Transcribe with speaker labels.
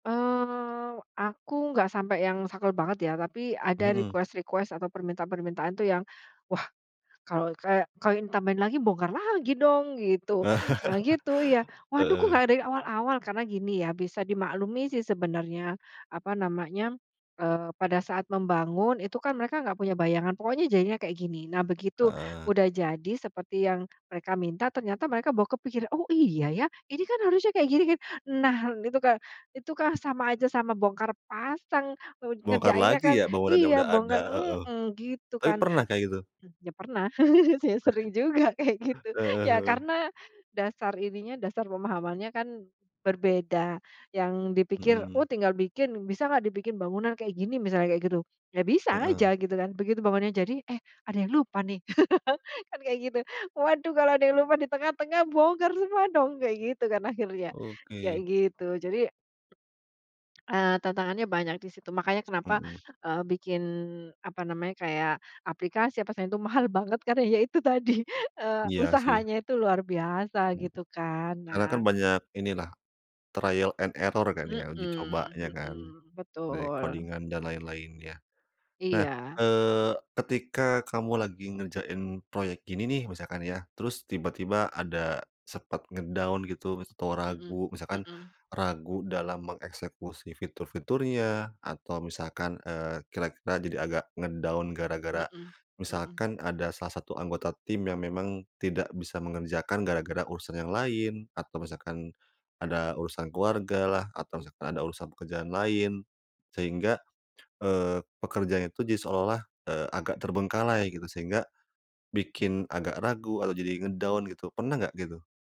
Speaker 1: Eee, aku enggak sampai yang saklek banget ya. Tapi ada
Speaker 2: Mhm.
Speaker 1: request-request atau permintaan-permintaan tuh yang, "Wah kalau kayak kalau ini tambahin lagi bongkar lagi dong gitu, eee, gitu iya. Waduh kok
Speaker 2: Heeh.
Speaker 1: nggak dari awal-awal." Karena gini ya, bisa dimaklumi sih sebenarnya, apa namanya, eee, pada saat membangun itu kan mereka enggak punya bayangan, pokoknya jadinya kayak gini. Nah begitu
Speaker 2: Heeh.
Speaker 1: udah jadi seperti yang mereka minta ternyata mereka bawa kepikiran, "Oh iya ya, ini kan harusnya kayak gini kan." Nah itu ka itu kah sama aja sama bongkar pasang, nger
Speaker 2: Bongkar
Speaker 1: ngerjainnya
Speaker 2: lagi
Speaker 1: kan
Speaker 2: ya, bangunannya udah
Speaker 1: iya,
Speaker 2: ada
Speaker 1: bongkar
Speaker 2: heeh,
Speaker 1: heeh, gitu
Speaker 2: tapi
Speaker 1: kan.
Speaker 2: pernah kayak gitu?
Speaker 1: M ya, pernah, ya s sering juga kayak gitu.
Speaker 2: Heeh
Speaker 1: Ya
Speaker 2: heeh.
Speaker 1: karena dasar ininya, dasar pemahamannya kan berbeda, yang dipikir, "Oh
Speaker 2: Mhm.
Speaker 1: tinggal bikin, bisa enggak dibikin bangunan kayak gini?" Misalnya, kayak gitu. Ya bisa
Speaker 2: Heeh.
Speaker 1: aja gitu kan, begitu bangunan jadi, "Eh ada yang lupa nih," kan kayak gitu. Waduh kalau ada yang lupa di tengah-tengah bongkar semua dong. Kayak gitu kan akhirnya, kayak
Speaker 2: Oke.
Speaker 1: gitu. Jadi, eee, tantangannya banyak di situ, makanya kenapa,
Speaker 2: Mmm.
Speaker 1: eee, bikin apa namanya, kayak aplikasi apa selain tu, mahal banget karena ya itu tadi eee,
Speaker 2: Iya sih.
Speaker 1: usahanya itu luar biasa
Speaker 2: Mmm.
Speaker 1: gitu kan.
Speaker 2: Karena kan
Speaker 1: Nah
Speaker 2: banyak inilah, trial and error kan
Speaker 1: Mhm,
Speaker 2: ya, uji cobanya kan
Speaker 1: mhm,
Speaker 2: dari
Speaker 1: betul.
Speaker 2: codingan dan lain-lainnya. Nah,
Speaker 1: Iya.
Speaker 2: eee, ketika kamu lagi ngerjain proyek gini nih, misalkan ya, terus tiba-tiba ada sepet nge-down gitu mis atau
Speaker 1: Mhm
Speaker 2: ragu, misalkan
Speaker 1: mhm.
Speaker 2: ragu dalam mengeksekusi fitur-fiturnya atau misalkan, eee, kira-kira jadi agak nge-down gara-gara
Speaker 1: Mhm mhm.
Speaker 2: misalkan ada salah satu anggota tim yang memang tidak bisa mengerjakan gara-gara urusan yang lain atau misalkan ada urusan keluarga lah atau misalkan ada urusan pekerjaan lain. Sehingga, eee, pekerjaan itu jadi seolah-olah, eee, agak terbengkalai gitu. Sehingga bikin agak ragu atau jadi nge-down gitu, pernah enggak gitu?